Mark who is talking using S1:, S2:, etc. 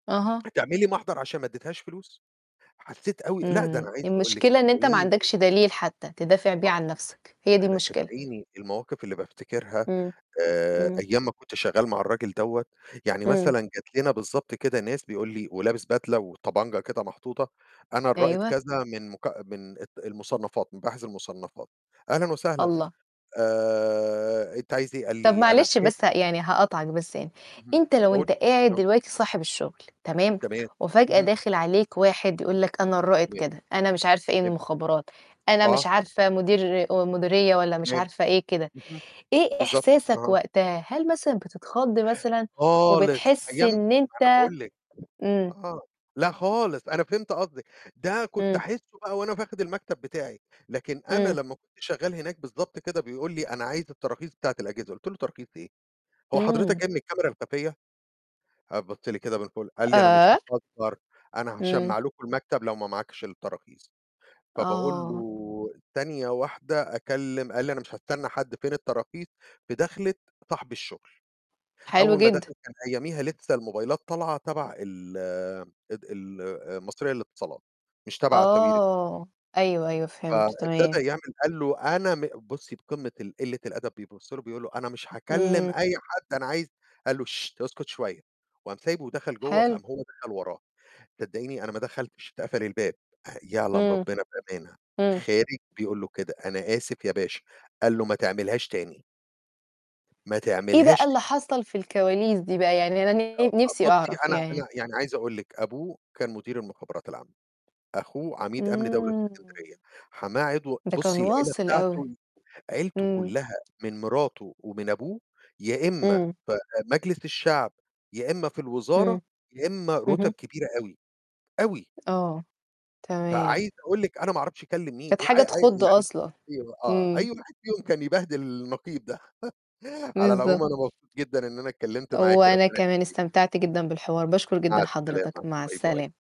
S1: أها.
S2: هتعملي محضر عشان ما أدِتهاش فلوس؟ حسيت أوي لأ، ده أنا
S1: امم،
S2: عايز أقول لِك،
S1: المشكلة إن أنت ما
S2: صدقيني
S1: عندكش دليل حتّى، تدافع بيه
S2: آه،
S1: عن نفسك، هي دي
S2: أنا
S1: المشكلة.
S2: صدقيني، المواقف اللي بافتكرها
S1: امم،
S2: آآ
S1: امم.
S2: أيام ما كنت شغال مع الراجل دوّة، يعني
S1: امم.
S2: مثلًا جات لنا بالضبط كده ناس بيقول لي ولابس بدلة وطبنجة كده محطوطة، "أنا الرائد
S1: أيوه.
S2: كذا من مك من ال المُصنفات مباحث المُصنفات" "أهلًا وسهلًا.
S1: الله!
S2: آآ أنت عايز إيه؟"
S1: طب
S2: قالي أنا
S1: معلش بس يعني هاقاطعك بس يعني،
S2: [unintelligible] امم،
S1: أنت لو
S2: اهم،
S1: أنت قاعد
S2: [unintelligible]
S1: دلوقتي صاحب الشُّغل تمام؟
S2: تمام،
S1: وفجأة
S2: اهم.
S1: داخل عليك واحد يقول لك أنا الرائد
S2: تمام،
S1: كذا، أنا مش عارفة إيه
S2: تمام.
S1: المُخابرات، أنا مش
S2: آه.
S1: عارفة مدير مديرية والّا مش
S2: تمام،
S1: عارفة إيه كده،
S2: اهم،
S1: إيه
S2: بالضبط،
S1: إحساسك
S2: أها.
S1: وقتها؟ هل مثلًا بتتخض مثلًا،
S2: خالص،
S1: وبتحِسّ
S2: أيام ما
S1: إن
S2: أنا
S1: أنت
S2: باقول لِك،
S1: امم.
S2: آه، لأ خالص، أنا فهمت قصدِك، ده كنت
S1: امم.
S2: أحسُه بقى وأنا [unintelligible] المكتب بتاعي، لكن أنا
S1: امم.
S2: لمّا كنت شغال هناك بالضبط كده بيقول لي: "أنا عايز التراخيص بتاعة الأجهزة" قُلت له: "تراخيص إيه؟ هو حضرتك
S1: امم.
S2: جاي من الكاميرا الخفية؟" قام بص لي كده من فوق قال لي: "أنا مش
S1: آآ؟!
S2: باهزر، أنا
S1: امم.
S2: هاشمع لكم المكتب لو ما معاكش التراخيص" فباقول
S1: آه.
S2: له، ثانية واحدة أكلم قال لي: "أنا مش هاستنى حد، فين التراخيص؟" في دخلة صاحب الشُّغل،
S1: حلو
S2: أول ما
S1: جدًا.
S2: دخل، كان أياميها لسه الموبايلات طالعة تبع ال ال المصرية للاتصالات، مش تبع ساويرس.
S1: آه، أيوه، أيوه، فهمت،
S2: فابتدh
S1: تمام.
S2: يعمل قال له أنا م بُصي بقمة ال قلة الأدب، بيبُص له بيقول له: "أنا مش هاكلم
S1: امم.
S2: أي حد، أنا عايز" قال له: "اسكُت شوية" وقام سايبه ودخل جوه، فقام
S1: حلو.
S2: هو دخل وراه، صدقيني أنا ما دخلتش، اتقفل الباب آآ، يعلم
S1: امم،
S2: ربنا بأمانة
S1: امم.
S2: خارج بيقول له كده: "أنا آسف يا باشا" قال له: "ما تعملهاش تاني" ما
S1: إيه بقى
S2: تعملهاش تاني.
S1: اللي حصل في الكواليس دي بقى؟ يعني أنا ن
S2: [unintelligible]
S1: نفسي
S2: بُصي
S1: أعرف
S2: أنا
S1: يعني.
S2: أنا يعني عايز أقول لِك، أبوه كان مدير المُخابرات العامة، أخوه عميد أمن دولة في
S1: امم.
S2: الإسكندرية، حماه عضو
S1: ده كان
S2: بُصي العيلة
S1: واصل أوي،
S2: بتاعتُه، عيلته
S1: امم.
S2: كُلّها من مراته ومن أبوه، يا إما
S1: امم.
S2: في مجلس الشعب، يا إما في الوزارة،
S1: امم،
S2: يا إما رُتَب
S1: اهم.
S2: كبيرة أوي، أوي.
S1: آه، تمام.
S2: فعايز أقول لِك، أنا ما أعرفش كلِّم مين،
S1: كانت
S2: أي
S1: حاجة
S2: أي
S1: تخُض
S2: يعني
S1: أصلًا،
S2: أي آه،
S1: امم.
S2: أي واحد فيهم كان يبهدِل النقيب ده، على العموم
S1: بالضبط.
S2: أنا مبسوط جدًا إن أنا اتكلمت معاكِ،
S1: وأنا
S2: ربنا
S1: كمان
S2: يخليكِ.
S1: استمتعت جدًا بالحوار، باشكر
S2: [unintelligible]
S1: جدًا
S2: مع
S1: حضرتك،
S2: السلامة،
S1: مع
S2: باي باي.
S1: السلامة.